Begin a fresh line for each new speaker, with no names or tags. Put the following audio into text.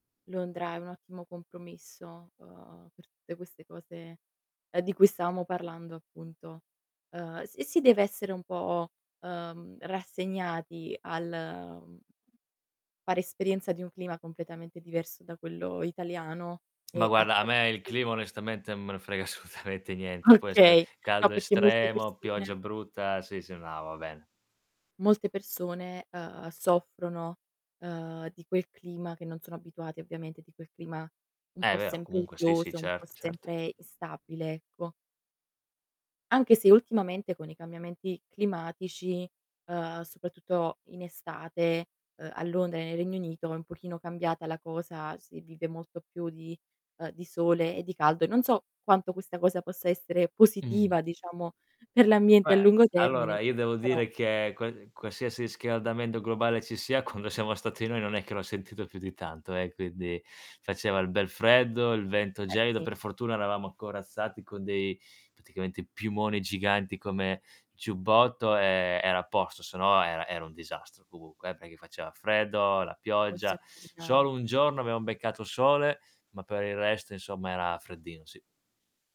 Londra è un ottimo compromesso, ehm, per tutte queste cose, ehm, di cui stavamo parlando, appunto. Ehm, s e si deve essere un po', ehm, rassegnati al fare esperienza di un clima completamente diverso da quello italiano
Ma
e a
guarda a me il
tratti
clima onestamente non me ne frega assolutamente niente. Può essere
Okay, no
caldo
perché molte
estremo,
persone
pioggia brutta, sì, sì, no, va bene.
Molte persone, ehm, soffrono, ehm, di quel clima che non sono abituati, ovviamente di quel clima un
Eh
po'
vero,
sempre
comunque sì, sì,
uggioso, un po'
certo, certo.
sempre instabile, ecco. Anche se ultimamente con i cambiamenti climatici, ehm, soprattutto in estate, ehm, a Londra e nel Regno Unito è un pochino cambiata la cosa, si vive molto più di, ehm, di sole e di caldo, e non so quanto questa cosa possa essere
Mhmm.
positiva diciamo per l'ambiente a
Beh,
lungo
allora
termine,
io devo
però
dire che qua qualsiasi riscaldamento globale ci sia, quando siamo stati noi non è che l'ho sentito più di tanto eh, quindi faceva il bel freddo, il vento
Eh
gelido;
sì.
per fortuna
Sì.
eravamo corazzati con dei praticamente piumoni giganti come giubbotto, e era a posto, se no era era un disastro, comunque eh, perché faceva freddo, la
Posso
pioggia.
immaginare.
Solo un giorno abbiamo beccato sole, ma per il resto insomma era freddino, sì.